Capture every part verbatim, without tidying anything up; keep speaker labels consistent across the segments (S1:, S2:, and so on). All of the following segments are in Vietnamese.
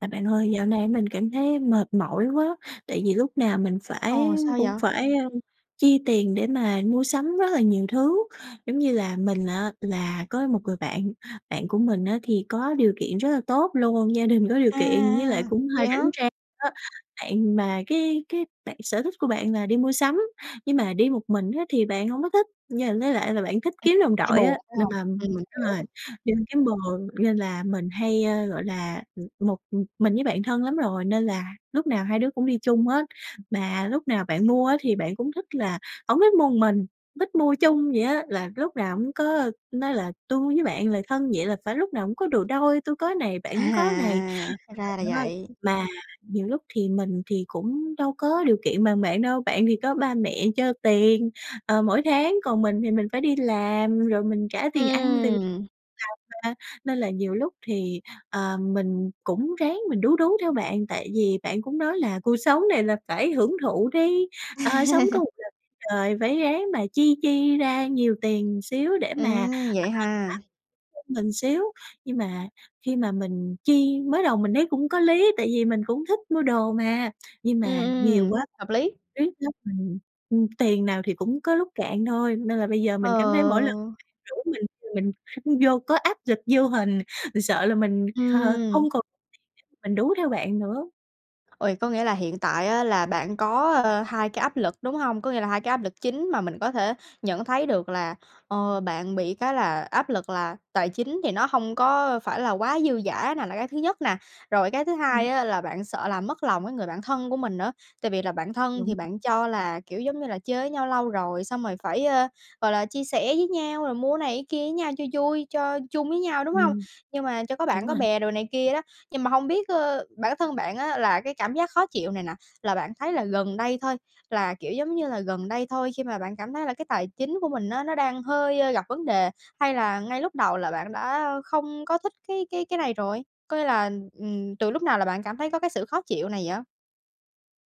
S1: À, bạn ơi dạo này á mình cảm thấy mệt mỏi quá, tại vì lúc nào mình phải
S2: Ồ, sao vậy?
S1: cũng phải, a, chi tiền để mà mua sắm rất là nhiều thứ. Giống như là, mình á là có một người bạn, bạn của mình á thì có điều kiện rất là tốt luôn, gia đình có điều kiện với lại
S2: À,
S1: cũng
S2: vậy
S1: hơi
S2: hả?
S1: rảnh rang á. Bạn mà cái cái bạn sở thích của bạn là đi mua sắm, nhưng mà đi một mình á thì bạn hổng có thích, nh với lại là bạn thích kiếm đồng
S2: Thấy
S1: đội
S2: buồn,
S1: á,
S2: phải
S1: nên
S2: hông?
S1: làm
S2: Ừm,
S1: đúng rồi,
S2: hiểu.
S1: [unintelligible] bồ nên là mình hay, a, gọi là, một mình với bạn thân lắm rồi nên là lúc nào hai đứa cũng đi chung hết, mà lúc nào bạn mua á thì bạn cũng thích là hổng thích mua một mình, thích mua chung vậy á, là lúc nào cũng có nói là "Tui với bạn là thân vậy là phải lúc nào cũng có đồ đôi, tui có này,
S2: À,
S1: bạn cũng có này."
S2: à, à, ra là
S1: [unintelligible]
S2: vậy.
S1: Mà nhiều lúc thì mình thì cũng đâu có điều kiện bằng bạn đâu, bạn thì có ba mẹ cho tiền, ờ, mỗi tháng còn mình thì mình phải đi làm rồi mình trả tiền ăn tiền tì
S2: Ừm.
S1: [unintelligible] mà, nên là nhiều lúc thì, ờ, mình cũng ráng mình đú đú theo bạn, tại vì bạn cũng nói là "Cuộc sống này là phải hưởng thụ đi, ờ, sống có một lần đời phải ráng mà chi chi ra nhiều tiền xíu để
S2: Ừ,
S1: mà
S2: vậy ha?
S1: [unintelligible] mình xíu." Nhưng mà khi mà mình chi mới đầu mình thấy cũng có lý, tại vì mình cũng thích mua đồ mà, nhưng
S2: Ừm,
S1: mà nhiều
S2: ừm,
S1: quá
S2: hợp lý.
S1: [unintelligible] mình, ừm, tiền nào thì cũng có lúc cạn thôi nên là bây giờ mình cảm thấy mỗi lần
S2: Ờ.
S1: [unintelligible] bạn rủ mình mình vô có áp lực vô hình, mình sợ là mình, ờ,
S2: Ừm.
S1: hông còn [unintelligible] mình đú theo bạn nữa.
S2: Ôi, có nghĩa là hiện tại á là bạn có, ơ, hai cái áp lực, đúng hông? Có nghĩa là hai cái áp lực chính mà mình có thể nhận thấy được là, ờ, bạn bị cái là áp lực là tài chính thì nó hông có phải là quá dư dả nà, là cái thứ nhất nà. Rồi cái thứ hai
S1: Ừm.
S2: á là bạn sợ làm mất lòng cái người bạn thân của mình nữa, tại vì là bạn thân thì
S1: Đúng.
S2: bạn cho là, kiểu, giống như là, chơi với nhau lâu rồi, xong rồi phải, ơ, gọi là, chia sẻ với nhau rồi mua cái này cái kia với nhau cho vui, cho chung với nhau, đúng hông?
S1: Ừm,
S2: Nhưng mà cho có
S1: đúng
S2: bạn có
S1: rồi.
S2: bè đồ này kia đó. Nhưng mà hông biết, ơ, bản thân bạn á là cái cảm giác khó chịu này nà là bạn thấy là gần đây thôi, là, kiểu, giống như là, gần đây thôi khi mà bạn cảm thấy là cái tài chính của mình á nó đang hơi gặp vấn đề? Hay là ngay lúc đầu là bạn đã không có thích cái cái cái này rồi? Có nghĩa là, ừm, từ lúc nào là bạn cảm thấy có cái sự khó chịu này vậy?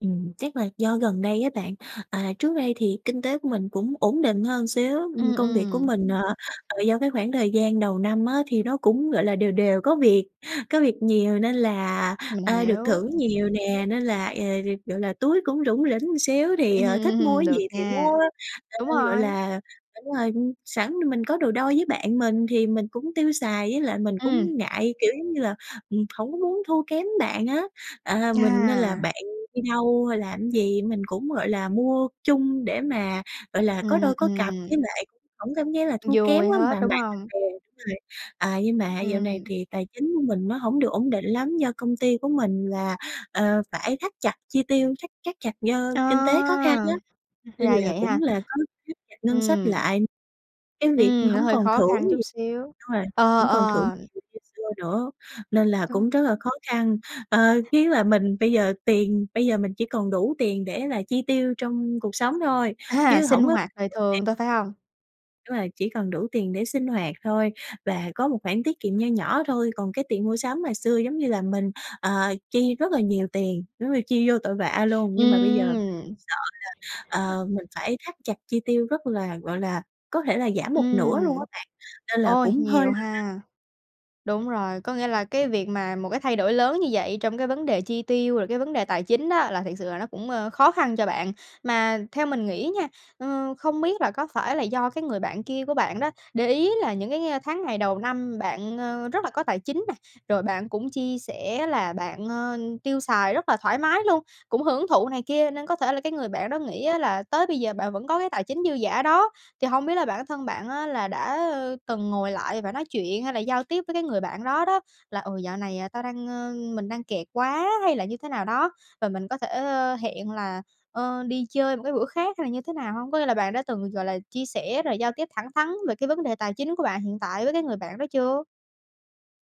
S1: Ừm, chắc là do gần đây á bạn. À, trước đây thì kinh tế của mình cũng ổn định hơn một xíu,
S2: Ừm,
S1: ừm, công việc của
S2: ừm.
S1: mình, ờ, ờ, do cái khoảng thời gian đầu năm á thì nó cũng, gọi là, đều đều có việc, có việc nhiều nên là,
S2: Mình
S1: ơ, được
S2: hiểu.
S1: thưởng nhiều nè, nên là, ờ, gọi là, túi cũng rủng rỉnh một xíu thì,
S2: Ừm,
S1: ờ, thích mua
S2: ừm,
S1: cái
S2: được
S1: gì thì mua.
S2: nha. Đúng
S1: Ờ, gọi
S2: rồi.
S1: là đúng rồi, sẵn thì mình có đồ đôi với bạn mình thì mình cũng tiêu xài với lại mình
S2: Ừm.
S1: cũng ngại, kiểu, giống như là, ừm, hổng có muốn thua kém bạn á, à, mình nên là
S2: À.
S1: bạn đi đâu hay làm cái gì, mình cũng, gọi là, mua chung để mà, gọi là, có
S2: Ừm,
S1: đôi có cặp với
S2: ừm.
S1: lại hổng có cảm giác là thua kém
S2: Vui
S1: quá, bằng
S2: hết,
S1: bạn
S2: đúng
S1: bằng
S2: hông?
S1: bè rồi. Ờ, nhưng mà dạo này
S2: Ừm.
S1: thì tài chính của mình nó hổng được ổn định lắm, do công ty của mình là, ờ, phải thắt chặt chi tiêu, thắt thắt chặt do
S2: Ờ,
S1: kinh tế khó khăn á nên
S2: ra
S1: là
S2: vậy ha?
S1: cũng là có thắt chặt ngân sách
S2: Ừm.
S1: lại cái việc
S2: Ừm, nó
S1: hổng
S2: hơi
S1: còn
S2: khó
S1: thưởng
S2: khăn chút
S1: nhiều
S2: xíu,
S1: đúng rồi,
S2: ờ,
S1: hổng còn thưởng
S2: ờ.
S1: nhiều như xưa nữa. Nên là
S2: Có
S1: cũng rất là khó khăn, ờ, chủ yếu là mình bây giờ tiền bây giờ mình chỉ còn đủ tiền để là chi tiêu trong cuộc sống thôi
S2: À!
S1: chứ
S2: Sinh
S1: hổng có
S2: hoạt đời thường
S1: [unintelligible]
S2: thôi, phải hông?
S1: Đúng rồi, chỉ cần đủ tiền để sinh hoạt thôi và có một khoản tiết kiệm nho nhỏ thôi, còn cái tiền mua sắm ngày xưa giống như là mình, ờ, chi rất là nhiều tiền, giống như chi vô tội vạ luôn nhưng mà bây giờ
S2: Ừm.
S1: sợ là, ờ, mình phải thắt chặt chi tiêu rất là gọi là, có thể là giảm một nửa luôn
S2: Ừm.
S1: á bạn, nên là
S2: Ôi,
S1: cũng hơi
S2: nhiều
S1: lo lắng.
S2: ha! Đúng rồi, có nghĩa là cái việc mà một cái thay đổi lớn như vậy trong cái vấn đề chi tiêu, rồi cái vấn đề tài chính đó là thiệt sự là nó cũng, ơ, khó khăn cho bạn. Mà theo mình nghĩ nha, ờ, không biết là có phải là do cái người bạn kia của bạn đó, để ý là những cái tháng ngày đầu năm bạn, ờ, rất là có tài chính nè, rồi bạn cũng chi sẻ là bạn, ờ, tiêu xài rất là thoải mái luôn, cũng hưởng thụ này kia, nên có thể là cái người bạn đó nghĩ á là tới bây giờ bạn vẫn có cái tài chính dư giả đó. Thì hông biết là bản thân bạn á, là đã từng ngồi lại và nói chuyện hay là giao tiếp với cái người bạn đó đó, là "Ừ, dạo này tao đang, ờ mình đang kẹt quá hay là như thế nào đó, và mình có thể hẹn là, ờ, đi chơi một cái bữa khác" hay là như thế nào hông? Có nghĩa là bạn đã từng, gọi là, chia sẻ rồi giao tiếp thẳng thắn về cái vấn đề tài chính của bạn hiện tại với cái người bạn đó chưa?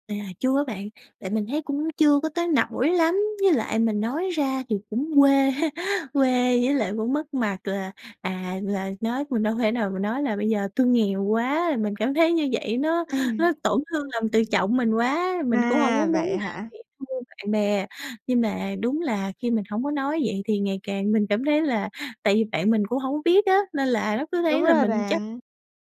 S1: À, chưa á bạn, tại mình thấy cũng chưa có tới nỗi lắm, với lại mình nói ra thì cũng quê, quê với lại cũng mất mặt là, à, là nói mình đâu thể nào mà nói là "Bây giờ tui nghèo quá!", mình cảm thấy như vậy nó
S2: Ừm.
S1: nó tổn thương lòng tự trọng mình quá, mình cũng hông có
S2: À,
S1: muốn
S2: vậy
S1: là
S2: hả?
S1: bị thua bạn bè. Nhưng mà đúng là khi mình hổng có nói vậy thì ngày càng mình cảm thấy là tại vì bạn mình cũng hổng có biết á, nên là nó cứ
S2: Đúng
S1: thấy là
S2: rồi
S1: mình chắc
S2: bạn.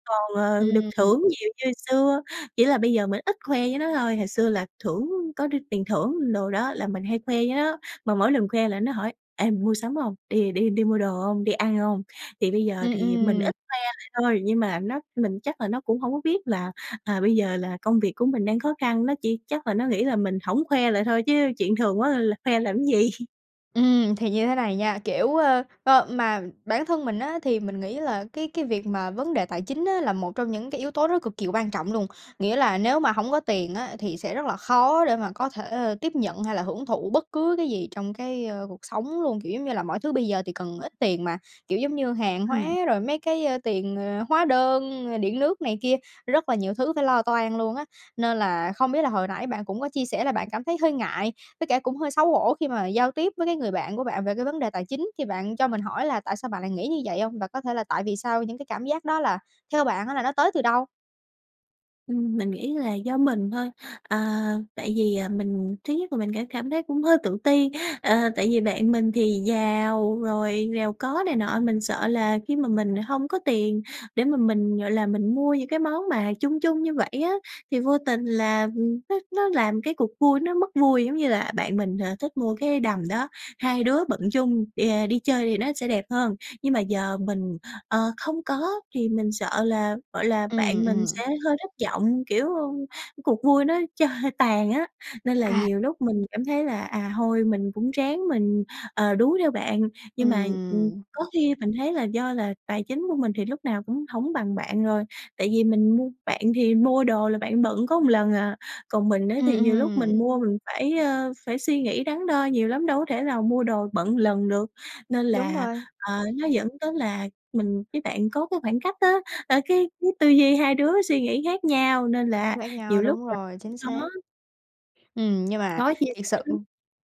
S1: còn, ờ, được
S2: Ừm.
S1: thưởng nhiều như xưa, chỉ là bây giờ mình ít khoe với nó thôi. Hồi xưa là thưởng có r tiền thưởng đồ đó là mình hay khoe với nó, mà mỗi lần khoe là nó hỏi: "Ê, mày mua sắm hông? Đi đi đi mua đồ hông, đi ăn hông?". Thì bây giờ
S2: Ừm,
S1: thì mình
S2: ừm.
S1: ít khoe lại thôi nhưng mà nó mình chắc là nó cũng hổng có biết là, à, bây giờ là công việc của mình đang khó khăn, nó chỉ chắc là nó nghĩ là mình hổng khoe lại thôi, chứ chuyện thường quá là khoe làm gì.
S2: Ừm, thì như thế này nha, kiểu, ơ, ơ mà bản thân mình á, thì mình nghĩ là cái cái việc mà vấn đề tài chính á, là một trong những cái yếu tố nó cực kỳ quan trọng luôn. Nghĩa là nếu mà hổng có tiền á, thì sẽ rất là khó để mà có thể, a, tiếp nhận hay là hưởng thụ bất cứ cái gì trong cái, ơ, cuộc sống luôn. Kiểu giống như là mọi thứ bây giờ thì cần ít tiền mà, kiểu, giống như hàng hóa,
S1: Ừm.
S2: rồi mấy cái, ơ, tiền, ờ, hóa đơn rồi điện nước này kia, rất là nhiều thứ phải lo toan luôn á. Nên là không biết là hồi nãy bạn cũng có chia sẻ là bạn cảm thấy hơi ngại với cả cũng hơi xấu hổ khi mà giao tiếp với cái người bạn của bạn về cái vấn đề tài chính, thì bạn cho mình hỏi là tại sao bạn lại nghĩ như vậy hông? Và có thể là tại vì sao những cái cảm giác đó là theo bạn á, là nó tới từ đâu?
S1: Ừm, mình nghĩ là do mình thôi. À, tại vì, à, mình, thứ nhất là mình ca cảm thấy cũng hơi tự ti, à, tại vì bạn mình thì giàu, rồi giàu có này nọ, mình sợ là khi mà mình hông có tiền để mà mình, gọi là, mình mua những cái món mà chung chung như vậy á, thì vô tình là nó nó làm cái cuộc vui nó mất vui. Giống như là, bạn mình, à, thích mua cái đầm đó, hai đứa bận chung đà đi chơi thì nó sẽ đẹp hơn. Nhưng mà giờ mình, ờ, không có thì mình sợ là, gọi là,
S2: Ừm,
S1: bạn mình
S2: ừm.
S1: sẽ hơi thất vọng, kiểu, cuộc vui nó cho tàn á, nên là
S2: À.
S1: nhiều lúc mình cảm thấy là, à, thôi mình cũng ráng mình, ờ, đú theo bạn. Nhưng mà, ừm,
S2: Ừm.
S1: có khi mình thấy là do là tài chính của mình thì lúc nào cũng hổng bằng bạn rồi, tại vì mình mua bạn thì mua đồ là bạn bận có một ần à, còn mình á
S2: Ừm,
S1: thì nhiều lúc mình
S2: ừm.
S1: mua mình phải, ơ, phải suy nghĩ đắn đo nhiều lắm, đâu có thể nào mua đồ bận một lần được. Nên
S2: Đúng
S1: là,
S2: rồi.
S1: ờ, nó dẫn tới là mình với bạn có cái khoảng cách á, ơ, cái cái tư duy hai đứa suy nghĩ khác nhau, nên là
S2: Khác nhau.
S1: nhiều lúc
S2: Đúng
S1: [unintelligible]
S2: rồi,
S1: cũng
S2: chính xác.
S1: khó.
S2: Ừm, nhưng mà,
S1: Khó chia
S2: thiệt
S1: sẻ
S2: sự
S1: lắm.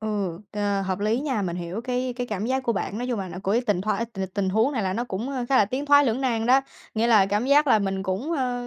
S2: ừ, ờ, hợp lý
S1: [unintelligible]
S2: nha. Mình hiểu cái cái cảm giác của bạn, nói chung là nó của cái tình thoái tình tình huống này là nó cũng khá là tiến thoái lưỡng nan đó. Nghĩa là cảm giác là mình cũng, ơ,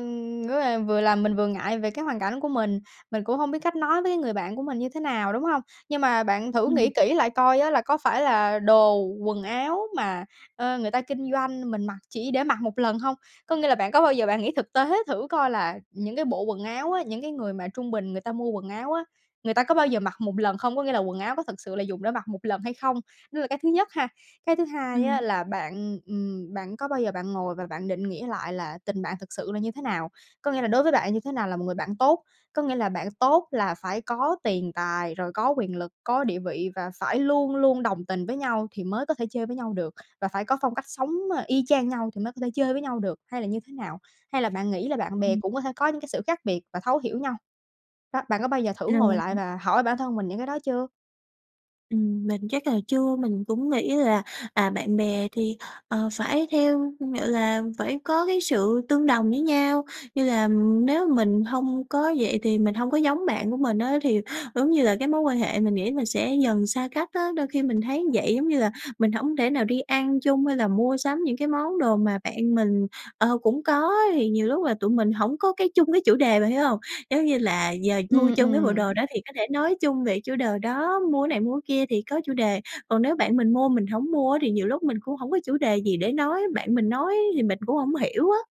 S2: kiểu là, vừa làm mình vừa ngại về cái hoàn cảnh của mình, mình cũng hông biết cách nói với cái người bạn của mình như thế nào, đúng hông? Nhưng mà bạn thử nghĩ
S1: Ừm.
S2: kỹ lại coi á, là có phải là đồ, quần áo mà, ơ, người ta kinh doanh, mình mặc chỉ để mặc mộ lần hông? Có nghĩa là bạn có bao giờ bạn nghĩ thực tế thử coi là những cái bộ quần áo á, những cái người mà trung bình người ta mua quần áo á, người ta có bao giờ mặc một lần không? Có nghĩa là quần áo nó thực sự là dùng để mặc một lần hay không? Đó là cái thứ nhất ha. Cái thứ hai á,
S1: Ừm.
S2: là bạn, ừm, bạn có bao giờ bạn ngồi và bạn định nghĩa lại là tình bạn thực sự là như thế nào? Có nghĩa là đối với bạn, như thế nào là một người bạn tốt? Có nghĩa là bạn tốt là phải có tiền tài, rồi có quyền lực, có địa vị và phải luôn luôn đồng tình với nhau, thì mới có thể chơi với nhau được? Và phải có phong cách sống, à, y chang nhau thì mới có thể chơi với nhau được? Hay là như thế nào? Hay là bạn nghĩ là bạn bè
S1: Ừm.
S2: cũng có thể có những cái sự khác biệt và thấu hiểu nhau? Đó, bạn có bao giờ thử ngồi
S1: Rồi,
S2: lại
S1: ừm.
S2: và hỏi bản thân mình những cái đó chưa?
S1: Ừm, mình chắc là chưa. Mình cũng nghĩ là, à, bạn bè thì, ờ, phải theo gọi là, phải có cái sự tương đồng với nhau như là nếu mình hông có vậy thì mình hông có giống bạn của mình á thì, vống như là, cái mối quan hệ mình nghĩ mình sẽ dần xa cách á. Đôi khi mình thấy như vậy giống như là mình hổng thể nào đi ăn chung hay là mua sắm những cái món đồ mà bạn mình, ờ, cũng có á, thì nhiều lúc là tụi mình hổng có cái chung, cái chủ đề, bạn hiểu hông? Giống như là, giờ mua
S2: Ừm,
S1: chung cái bộ
S2: ừm.
S1: đồ đó thì có thể nói chung về chủ đờ đó, mua cái này, mua cái kia thì có chủ đề. Còn nếu bạn mình mua mình hổng mua á thì nhiều lúc mình cũng hổng có chủ đề gì để nói, bạn mình nói thì mình cũng hông hiểu á.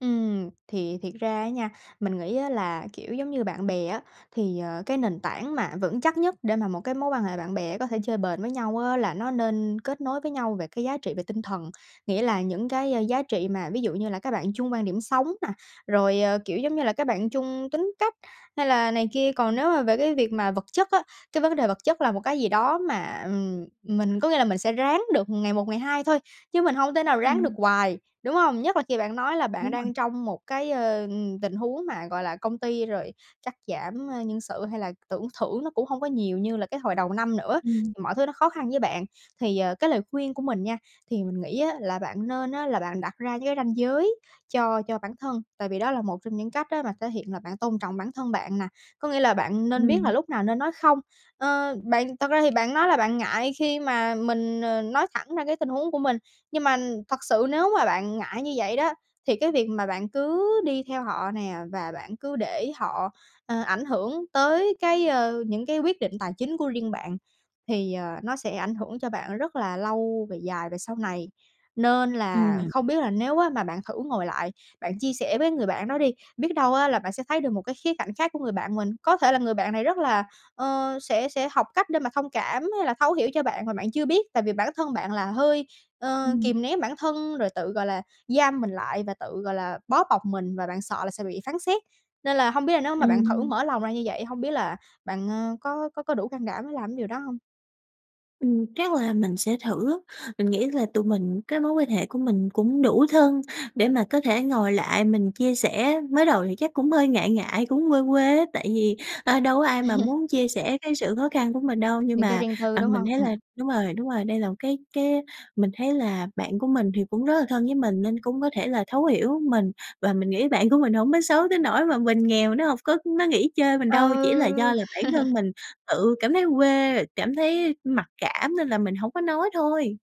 S2: Ừm, thì thiệt ra á nha, mình nghĩ á là, kiểu, giống như bạn bè á thì, ờ, cái nền tảng mà vững chắc nhất để mà một cái mối quan hệ bạn bè á có thể chơi bền với nhau á là nó nên kết nối với nhau về cái giá trị về tinh thần. Nghĩa là những cái, a, giá trị mà ví dụ như là các bạn chung quan điểm sống nè, rồi, ờ, kiểu, giống như là, các bạn chung tính cách hay là này kia. Còn
S1: Ừm.
S2: nếu mà về cái việc mà vật chất á, cái vấn đề vật chất là một cái gì đó mà, ừm, mình có nghĩa là mình sẽ ráng được ngày một ngày hai thôi chứ mình hông thể nào ráng được
S1: Ừm.
S2: quài, đúng hông? Nhất là khi bạn nói là bạn
S1: Đúng rồi.
S2: đang trong một cái, ơ, ừm, tình huống mà, gọi là, công ty rồi cắt giảm, a, nhân sự hay là tưởng thưởng nó cũng hông có nhiều như là cái hồi đầu năm nữa,
S1: Ừm.
S2: mọi thứ nó khó khăn với bạn. Thì, ờ, cái lời khuyên của mình nha, thì mình nghĩ á là bạn nên á là bạn đặt ra với ranh giới cho cho bản thân. Tại vì đó là một trong những cách á mà thể hiện là bạn tôn trọng bản thân bạn nè. Có nghĩa là bạn nên biết là
S1: Ừm.
S2: lúc nào nên nói "không". Ơ, bạn thật ra thì bạn nói là bạn ngại khi mà mình, ờ, nói thẳng ra cái tình huống của mình. Nhưng mà thật sự nếu mà bạn ngại như vậy đó, thì cái việc mà bạn cứ đi theo họ nè và bạn cứ để họ, ơ, ảnh hưởng tới cái, ơ, những cái quyết định tài chính của riêng bạn thì, ờ, nó sẽ ảnh hưởng cho bạn rất là lâu về dài về sau này. Nên là
S1: Ừm.
S2: không biết là nếu á mà bạn thử ngồi lại, bạn chia sẻ với người bạn đó đi, biết đâu á là bạn sẽ thấy được một cái khía cạnh khác của người bạn mình. Có thể là người bạn này rất là, ơ sẽ sẽ học cách để mà thông cảm hay là thấu hiểu cho bạn mà bạn chưa biết. Tại vì bản thân bạn là hơi, ơ,
S1: Ừm.
S2: kìm nén bản thân rồi tự, gọi là, giam mình lại và tự, gọi là, bó bọc mình và bạn sợ là sẽ bị phán xét. Nên là hông biết là nếu mà bạn thử
S1: Ừm.
S2: mở lòng ra như vậy, hông biết là bạn, ơ, có có có đủ can đảm để làm cái điều đó hông?
S1: Ừm. Chắc là mình sẽ thử á! Mình nghĩ là tụi mình cái mối quan hệ của mình cũng đủ thân để mà có thể ngồi lại mình chia sẻ. Mới đầu thì chắc cũng hơi ngại ngại, cũng quê quê á tại vì, ơ, đâu có ai mà muốn chia sẻ cái sự khó khăn của mình đâu. Nhưng
S2: Những cái
S1: mà,
S2: riêng tư,
S1: à,
S2: đúng
S1: mình
S2: hông?
S1: thấy
S2: Ừm.
S1: là đúng rồi, đúng rồi, đây là một cái cái mình thấy là bạn của mình thì cũng rất là thân với mình nên cũng có thể là thấu hiểu mình và mình nghĩ bạn của mình hông có xấu tới nỗi mà mình nghèo nó hông có nó nghỉ chơi mình đâu, chỉ là do
S2: Ừ.
S1: là bản thân mình tự cảm thấy quê rồi cảm thấy mặc cảm nên là mình hổng có nói thôi!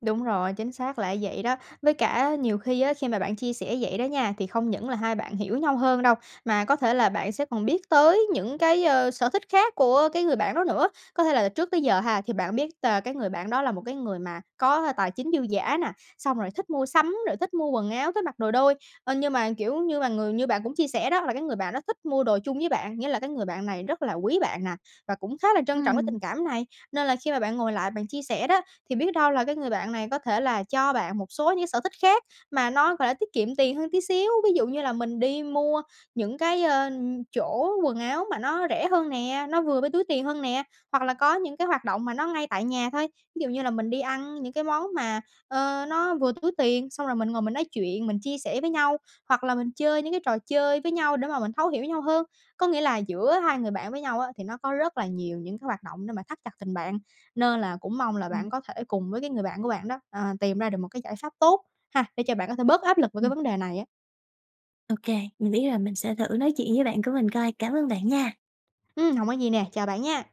S2: Đúng rồi, chính xác là vậy đó! Với cả nhiều khi á, khi mà bạn chia sẻ vậy đó nha, thì không những là hai bạn hiểu nhau hơn đâu, mà có thể là bạn sẽ còn biết tới những cái, ơ, sở thích khác của cái người bạn đó nữa. Có thể là trước tới giờ ha thì bạn biết t cái người bạn đó là một cái người mà có tài chính dư giả nè, xong rồi thích mua sắm, rồi thích mua quần áo, thích mặc đồ đôi, ơ, nhưng mà, kiểu như, mà người như bạn cũng chia sẻ đó là cái người bạn đó thích mua đồ chung với bạn, nghĩa là cái người bạn này rất là quý bạn nè và cũng khá là trân trọng cái
S1: Ừm.
S2: tình cảm này, nên là khi mà bạn ngồi lại bạn chia sẻ đó thì biết đâu là cái người bạn này có thể là cho bạn một số những cái sở thích khác mà nó, gọi là, tiết kiệm tiền hơn tí xíu. Ví dụ như là mình đi mua những cái, ơ, chỗ quần áo mà nó rẻ hơn nè, nó vừa với túi tiền hơn nè, hoặc là có những cái hoạt động mà nó ngay tại nhà thôi, ví dụ như là mình đi ăn những cái món mà, ơ, nó vừa túi tiền xong rồi mình ngồi mình nói chuyện, mình chia sẻ với nhau hoặc là mình chơi những cái trò chơi với nhau để mà mình thấu hiểu với nhau hơn. Có nghĩa là giữa hai người bạn với nhau á thì nó có rất là nhiều những cái hoạt động để mà thắt chặt tình bạn nên là cũng mong là bạn
S1: Ừm.
S2: có thể cùng với cái người bạn của bạn đó, ờ, tìm ra được một cái giải pháp tốt ha, để cho bạn có thể bớt áp lực về cái
S1: Ừm.
S2: vấn đề này á!
S1: Ô kê! Mình biết rồi, mình sẽ thử nói chuyện với bạn của mình coi. Cảm ơn bạn nha!
S2: Ừm, hổng có gì nè. Chào bạn nha!